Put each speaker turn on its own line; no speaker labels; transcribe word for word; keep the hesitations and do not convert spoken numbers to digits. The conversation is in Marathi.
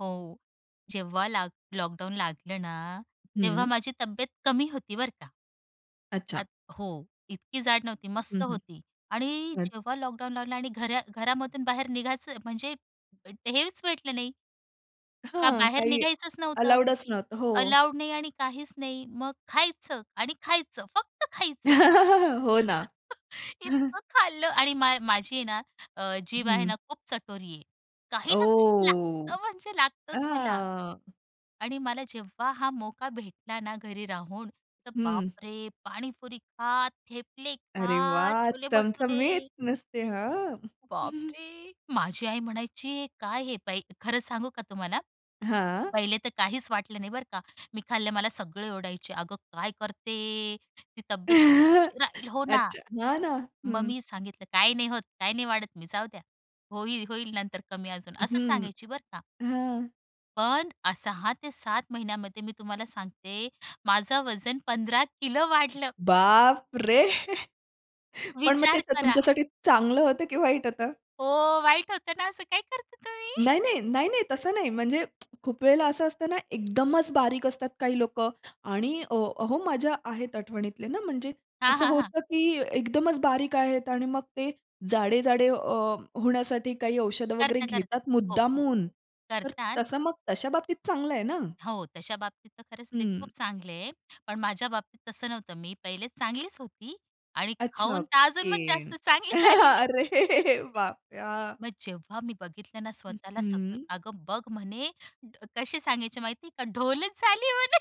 हो, जेव्हा लाक लॉकडाउन लागलं ना तेव्हा
हं.
माझी तब्येत कमी होती बरं का.
अच्छा.
आत हो, इतकी जाड नव्हती,
हं,
मस्त
हं.
होती आणि
बरं.
जेव्हा लॉकडाउन लागला आणि घरा घरामधून बाहेर निघायचं म्हणजे हेच भेटलं नाही. का
हां.
बाहेर
काही
निघायचंच नव्हतं.
अलाऊडच नव्हतं. हो.
अलाऊड नाही आणि काहीच नाही. मग खायचं आणि खायचं फक्त खायचं.
हो ना.
इतकं खाल्लं आणि मा माझी आहे ना, जीभ आहे
हं.
ना खूप चटोरी आहे. काही ना काही
ओह!
लागतं म्हणजे लागतंच मला.
हां.
आणि मला जेव्हा हा मोका भेटला ना घरी राहून. तर
हं.
बापरे! पाणीपुरी खा, थेपले
अरे
खा,
वाह!
छोले
चमचमीत
भटुरे.
नुसते, हां.
बापरे! माझी आई म्हणायची "काय हे बाई?" खरं सांगू का तुम्हाला.
हां.
पहिले तर काहीच वाटलं नाही बरं का. मी खाल्लं. मला सगळे ओरडायचे "अगं काय करते? ती तब्येत बघ कशी होऊन राहीली?" हो ना.
अच्छा! हां ना.
मग
हं.
मी सांगितलं "काही नाही होत. काही नाही वाढत मी. जाऊ द्या. होईल, होईल नंतर कमी अजून." असं
हं.
सांगायची बरं का.
हां.
पण अ, सहा ते सात महिन्यामध्ये मी तुम्हाला सांगते माझं वजन पंधरा किलो वाढलं.
बाप रे! पण मग
विचार
तेच
करा.
तुमच्यासाठी चांगलं होतं की वाईट होतं?
हो. वाईट होत ना असं काय करता तुम्ही?
नाही, नाही. नाही, नाही. तसं नाही. म्हणजे खूप वेळेला असं असतं ना एकदमच बारीक असतात काही लोकं आणि अ, अहो माझ्या आहेत आठवणीतले ना म्हणजे
हां,
असं
हां, हां.
होतं, की एकदमच बारीक आहेत आणि मग ते जाडे-जाडे अ, होण्यासाठी काही औषधं वगैरे
करता, करता.
घेतात,
हो, हो.
मुद्दामून तर तसं
करतात.
मग तशा बाबतीत चांगलं आहे ना.
हो. तशा बाबतीत तर खरंच ते खूप
हं.
चांगले आहे. पण माझ्या बाबतीत तसं नव्हतं. मी पहिले चांगलीच होती आणि
अच्छा!
खाऊन तर अजून मग
ओके.
जास्त चांगली झाली मी.
अरे बापरे! हां.
मग जेव्हा मी बघितलं ना
हं,
स्वतःला सगळं
हं.
"अगं बघ!" म्हणे कसे सांगायचे माहिती आहे का "ढोलच झाली म्हणे."